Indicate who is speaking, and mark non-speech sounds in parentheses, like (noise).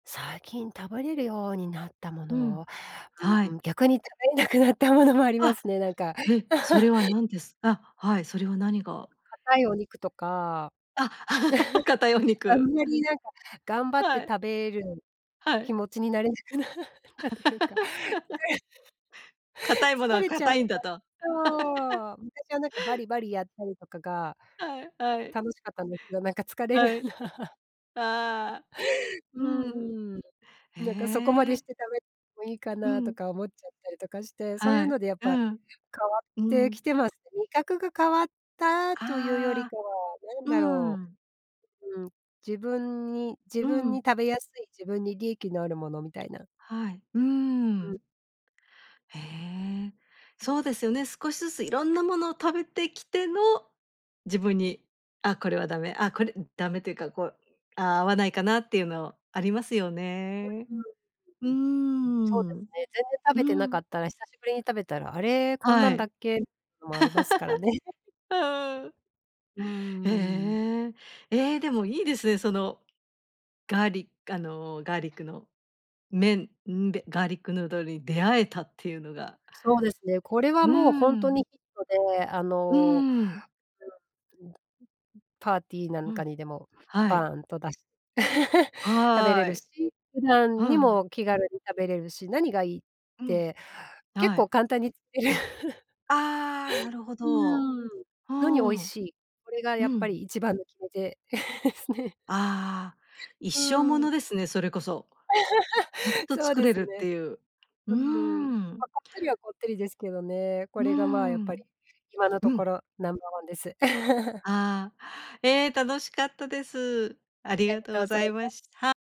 Speaker 1: 最近食べれるようになったも
Speaker 2: う
Speaker 1: のを、
Speaker 2: ん、は
Speaker 1: う
Speaker 2: い。
Speaker 1: ん、逆に食べれなくなったものもありま
Speaker 2: あ！
Speaker 1: すね、なんか。
Speaker 2: へ、それ
Speaker 1: (laughs)
Speaker 2: は何ですあ、はい、それは何が？
Speaker 1: 硬いお肉とか。
Speaker 2: あ、(laughs) 硬いお
Speaker 1: (laughs) あん
Speaker 2: 肉。
Speaker 1: まりなんか、頑張って
Speaker 2: はい。
Speaker 1: 食べる
Speaker 2: は
Speaker 1: 気
Speaker 2: い。
Speaker 1: 持ちになれなくなったというか。
Speaker 2: (laughs)
Speaker 1: (unintelligible)
Speaker 2: 硬いもの
Speaker 1: 疲
Speaker 2: は
Speaker 1: れちゃ
Speaker 2: 硬い
Speaker 1: う
Speaker 2: ん
Speaker 1: か
Speaker 2: だと。(laughs)
Speaker 1: そう、むたかなんかバリバリやったりとかが
Speaker 2: はいはい。
Speaker 1: 楽しかったんですけど、なんか疲れる。
Speaker 2: はい。
Speaker 1: (laughs)
Speaker 2: ああ、うん。
Speaker 1: うん。
Speaker 2: へ
Speaker 1: なんかそこまでし
Speaker 2: え。
Speaker 1: て食べもいいか
Speaker 2: う
Speaker 1: なと
Speaker 2: ん。
Speaker 1: か思っちゃったりとかして、そうい
Speaker 2: は
Speaker 1: う
Speaker 2: い、
Speaker 1: のでやっ
Speaker 2: う
Speaker 1: ぱ、
Speaker 2: ん、
Speaker 1: 変わっ
Speaker 2: う
Speaker 1: てき
Speaker 2: ん。
Speaker 1: てます。味覚が変わったというより
Speaker 2: あ
Speaker 1: か
Speaker 2: あ、
Speaker 1: は、なん
Speaker 2: う
Speaker 1: だろ
Speaker 2: ん。
Speaker 1: う。うん、自分に自
Speaker 2: う
Speaker 1: 分に
Speaker 2: ん。
Speaker 1: 食べやすい、自分に利益のあるものみたいな。
Speaker 2: はい。うー
Speaker 1: うん。
Speaker 2: ん。へえ、そうですよね。少しずついろんなものを食べてきての、自分に「あ、これはダメ」あ、これダメというかこう「あ、合わないかな？」っていうのありますよ
Speaker 1: (unintelligible) う
Speaker 2: ね。
Speaker 1: うん。
Speaker 2: うー
Speaker 1: うん、そうです
Speaker 2: ん。
Speaker 1: ね、全然食
Speaker 2: う
Speaker 1: べてなか
Speaker 2: ん。
Speaker 1: ったら、久しぶりに食べたら「あれ、こんな
Speaker 2: は
Speaker 1: んだ
Speaker 2: い。
Speaker 1: っけ？」のもありますからね。(laughs)
Speaker 2: (laughs) うーん。
Speaker 1: うー
Speaker 2: え、
Speaker 1: ん。
Speaker 2: ええ。え、でもいいですね、そのガリあの、ガーリックの麺、うんべガーリックヌードルに出会えたっていうのが。
Speaker 1: そうですね。これは
Speaker 2: うー
Speaker 1: もうほんと
Speaker 2: ん。
Speaker 1: にヒットで、あ
Speaker 2: う
Speaker 1: の
Speaker 2: ん。
Speaker 1: (unintelligible) うん。う、うん。パーティーな
Speaker 2: う
Speaker 1: んか
Speaker 2: ん、
Speaker 1: にでも、
Speaker 2: はい。
Speaker 1: バーンと出し (laughs) 食べれ
Speaker 2: は
Speaker 1: る
Speaker 2: い。
Speaker 1: し、普
Speaker 2: う
Speaker 1: 段に
Speaker 2: ん。
Speaker 1: も気軽に食べれるし、何がいいっ
Speaker 2: うん、
Speaker 1: て、結
Speaker 2: は
Speaker 1: 構
Speaker 2: い。
Speaker 1: 簡単に (laughs)
Speaker 2: ああ、なるほ
Speaker 1: う
Speaker 2: ど。
Speaker 1: ん。
Speaker 2: う
Speaker 1: のに美味
Speaker 2: ん。
Speaker 1: しい。これが
Speaker 2: う
Speaker 1: やっぱ
Speaker 2: ん。
Speaker 1: り一番の決め手 (laughs) すね。
Speaker 2: ああ、一生も
Speaker 1: う
Speaker 2: の
Speaker 1: ん。
Speaker 2: ですね、それこそ。ずっ
Speaker 1: (laughs)
Speaker 2: と
Speaker 1: そう
Speaker 2: 作
Speaker 1: で
Speaker 2: れ
Speaker 1: す
Speaker 2: るっ
Speaker 1: ね。
Speaker 2: ていう。うー
Speaker 1: うん。ま
Speaker 2: ん。
Speaker 1: あ、こってりはこってりですけどね。こ
Speaker 2: うー
Speaker 1: れがまあ、やっぱり、
Speaker 2: ん。
Speaker 1: 今のと
Speaker 2: う
Speaker 1: こ
Speaker 2: ん。
Speaker 1: ろ、ナンバーワンです。(laughs)
Speaker 2: ああ、ええ、楽しかったです。あり
Speaker 1: あり
Speaker 2: がとう
Speaker 1: と
Speaker 2: ご
Speaker 1: うざい
Speaker 2: ざいま
Speaker 1: ま
Speaker 2: しは